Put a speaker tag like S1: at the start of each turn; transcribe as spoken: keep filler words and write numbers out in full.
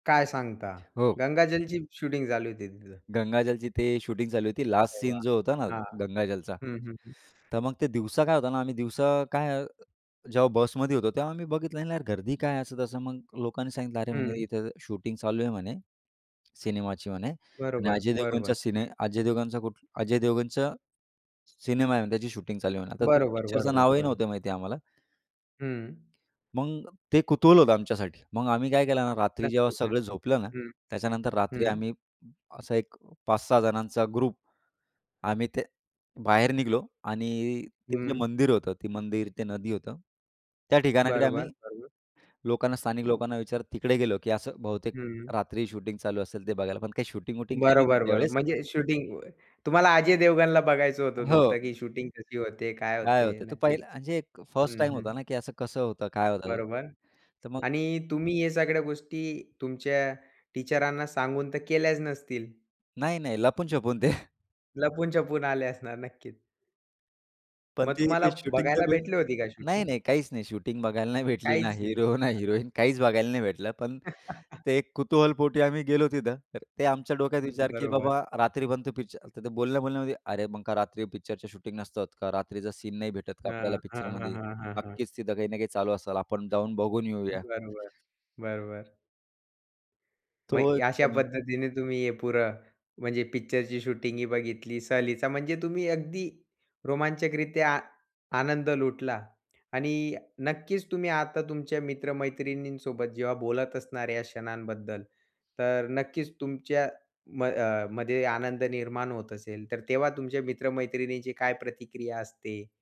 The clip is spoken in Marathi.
S1: काय सांगता?
S2: हो.
S1: गंगाजलची शूटिंग, झाली होती तिथं?
S2: गंगाजलची ते शूटिंग चालू होती. लास्ट
S1: अरे
S2: सीन
S1: वाह!
S2: जो होता ना
S1: हां.
S2: गंगाजलचा.
S1: हं, हं, हं.
S2: तर मग ते दिवसा काय होतं ना, आम्ही दिवसा काय, जेव्हा बसमध्ये होतो, तेव्हा आम्ही बघितलं, "नाही यार, गर्दी काय आहे," असं-तसं. मग लोकांनी सांगितलं, "अरे, म्हणे
S1: हं.
S2: इथं शूटिंग चालू आहे, म्हणे सिनेमाची, म्हणे. आणि
S1: बरोबर,
S2: अजय देवगनच्या
S1: बरोबर.
S2: सिने अजय देवगनांचा कुठ अजय देवगनचं सिनेमा आहे म्हणे, त्याची शूटिंग चालू आहे म्हणे." आता तो
S1: बरोबर,
S2: पिक्चरचं
S1: बरोबर,
S2: नावही
S1: बरोबर.
S2: नव्हतं माहिती आहे आम्हाला.
S1: हं.
S2: मग ते कुतूहल होतं आमच्यासाठी. मग आम्ही काय केलं ना, रात्री जेव्हा
S1: नक्कीच,
S2: सगळं
S1: नक्कीच
S2: झोपलं ना,
S1: हं.
S2: त्याच्यानंतर रात्री
S1: हं.
S2: आम्ही असा पाच सहा जणांचा ग्रुप आम्ही ते बाहेर निघालो, आणि ते जे
S1: हं.
S2: मंदिर होतं, ते मंदिर, ते नदी होतं, त्या ठिकाणाकडे
S1: बरोबर,
S2: आम्ही
S1: बरोबर.
S2: लोकांना, स्थानिक लोकांना विचारत तिकडे गेलो. की असं बहुतेक
S1: हं.
S2: रात्री शूटिंग चालू असेल ते बघायला. पण काही शूटिंग-वूटिंग काही नव्हती
S1: बरोबर, बरोबर.
S2: त्यावेळेस.
S1: म्हणजे शूटिंग, व तुम्हाला अजय देवगणला बघायचं
S2: अ,
S1: होतं नुकता
S2: हो.
S1: की शूटिंग कशी होते? काय
S2: काय
S1: होते?
S2: होत तर
S1: नक्कीच
S2: पहिलं अ, म्हणजे एक फस्ट
S1: हं,
S2: टाईम
S1: हं.
S2: होता ना की असं-कसं होतं, काय होत?
S1: बरोबर.
S2: तर मग
S1: आणि तुम्ही या सगळ्या गोष्टी तुमच्या टीचरांना सांगून तर केल्याच नसतील?
S2: नाही-नाही, लपून-छपून ते.
S1: लपून-छपून आले असणार नक्कीच.
S2: पण
S1: मग
S2: ते एक
S1: तुम्हाला
S2: शूटिंग तर.
S1: बघायला
S2: [unintelligible]
S1: भेटली होती काय
S2: नाही,
S1: शूटिंग?
S2: नाही, काहीच नाही. शूटिंग बघायला नाही भेटली. ना
S1: काहीच नाही.
S2: हिरो, ना
S1: हां.
S2: हिरोईन, काहीच बघायला नाही भेटलं. पण ते एक कुतूहलपोटी आम्ही गेलो तिथं. तर ते आमच्या डोक्यात विचार की,
S1: बरोबर.
S2: "बाबा, रात्री बनतो पिक्च" तर ते बोलणं बोलल्यामध्ये, "अरे, मग का रात्री पिक्चरच्या शूटिंग नसतात का? रात्रीचा सीन नाही भेटत का आपल्याला
S1: हां, हां, हां,
S2: पिक्चरमध्ये?"
S1: हां, हां, हां.
S2: नक्कीच तिथं काही ना काही चालू असल, आपण जाऊन बघून येऊया.
S1: बरोबर. बरोबर.
S2: तो
S1: मग
S2: एक
S1: अशा
S2: पण अ
S1: पद्धतीने तुम्ही हे पुरं, म्हणजे पिक्चरची शूटिंग ही बघितली. सहलीचा म्हणजे तुम्ही अगदी रोमांचकरित्या आनंद लुटला. आणि नक्कीच तुम्ही आता तुमच्या मित्र-मैत्रिणींसोबत जेव्हा बोलत असणार या क्षणांबद्दल, तर नक्कीच तुमच्या म अ, मध्ये आनंद निर्माण होत असेल. तर तेव्हा तुमच्या मित्र-मैत्रिणींची काय प्रतिक्रिया असते?